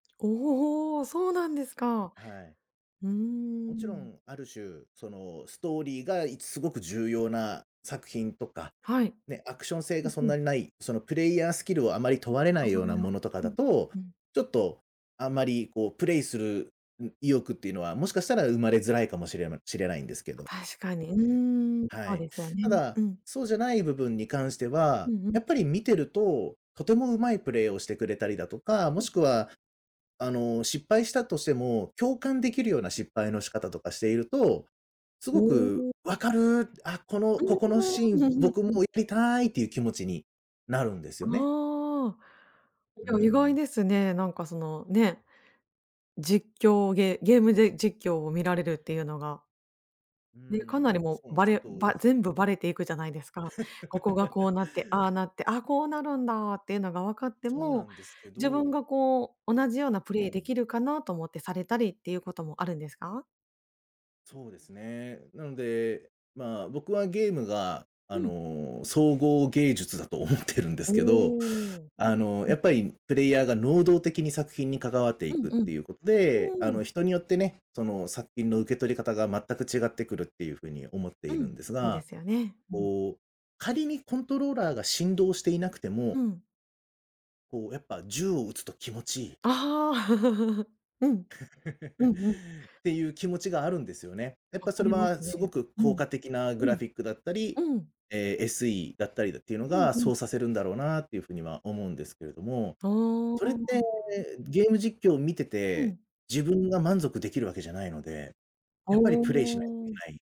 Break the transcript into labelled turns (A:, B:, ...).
A: おお、ほう、そうなんですか、
B: はい。
A: うー
B: 勿
A: ん。
B: 論、ある種、そのストーリーが、い凄く重要な作品とか、
A: はい、
B: ね、アクション性
A: う
B: が、
A: ん
B: そん
A: うん。
B: なに無い、そのプレイヤースキルを、余り問われな
A: う
B: いような
A: ーん
B: 物とか
A: う
B: だ
A: ん
B: と、
A: うん。
B: ちょっと、あんまり、こうプレイするん意欲って言うのは、もしかしたら生まれづらいかもしれないしれないんですけど、
A: 確かに、う
B: え
A: ーん、
B: え、は
A: そう
B: い、
A: ですよね
B: 只
A: うん。
B: そうじゃない部分に関して
A: う
B: は、
A: んうん。
B: やっぱり見てると、とても上手いプレイをしてくれたりだとか、も
A: うんう
B: しくは、あの、失敗したとしても、共感出来るような、失敗の仕方とかしていると、凄
A: お
B: く
A: お。
B: 「分かる、あ、この、
A: う
B: ここのシー
A: ーんう
B: ン、
A: んうん
B: 僕も
A: うん。
B: やりたい」って言う気持ちになるんですよね。
A: ああ、い
B: う
A: や、意外
B: ん。
A: ですね、何か、その、ね、実況ゲゲームで実況を、見られるって言うのが
B: う
A: で、かなり
B: ーん、
A: も
B: そ
A: う、
B: う、
A: ば
B: ちょっ
A: れば
B: と
A: 全部ばれて行くじゃないですか、「ここが、こうなって、ああ なって、ああ、こうなるんだ」って言うのが分かって
B: そうな
A: も、
B: んですけ
A: 自分
B: ど
A: がこう、「同じようなプ
B: う
A: レイ出
B: ん。
A: 来るかな」と思って、されたりって言う事もあるんですか？
B: そうですね、なので、まあ、僕はゲームが、あ
A: うん。
B: の、総合芸術だと思ってるんで
A: お
B: すけど、
A: お、うん
B: あの、
A: うんう
B: や
A: ん。
B: っぱりプレイヤーが、能動的に作品に関わって
A: う
B: 行
A: ん
B: くって
A: うん
B: 言う事
A: う
B: で、あ
A: ーん。
B: の、人によってね、その作品の、受け取り方が全く違って来る、って言う風に思って
A: う
B: いる
A: ん、
B: んです
A: そうで
B: が、
A: すよね、うん。
B: こう、仮にコントローラーが振動していなくても
A: うん。
B: こう、やっぱ銃を撃つと気持ち良い
A: ああ、うんう んうん。
B: って言う気持ちがあるんですよね、
A: 分
B: やっ
A: か
B: ぱ、それ
A: りま
B: は
A: すね
B: 凄く
A: う
B: 効
A: ん
B: 果的なグ
A: う
B: ラ
A: ん
B: フィックだったり、
A: うん。
B: えSEだったりって言うの
A: うん
B: が、
A: うん。
B: そうさせるんだろうな、って言う風には思うんですけれども、
A: あ
B: それって、
A: あ。
B: ゲーム実況を見て
A: う
B: て、
A: ん。
B: 自分が満足出来る訳じゃないので、
A: あ
B: やっぱりプレイしないと行け
A: あ。
B: ない。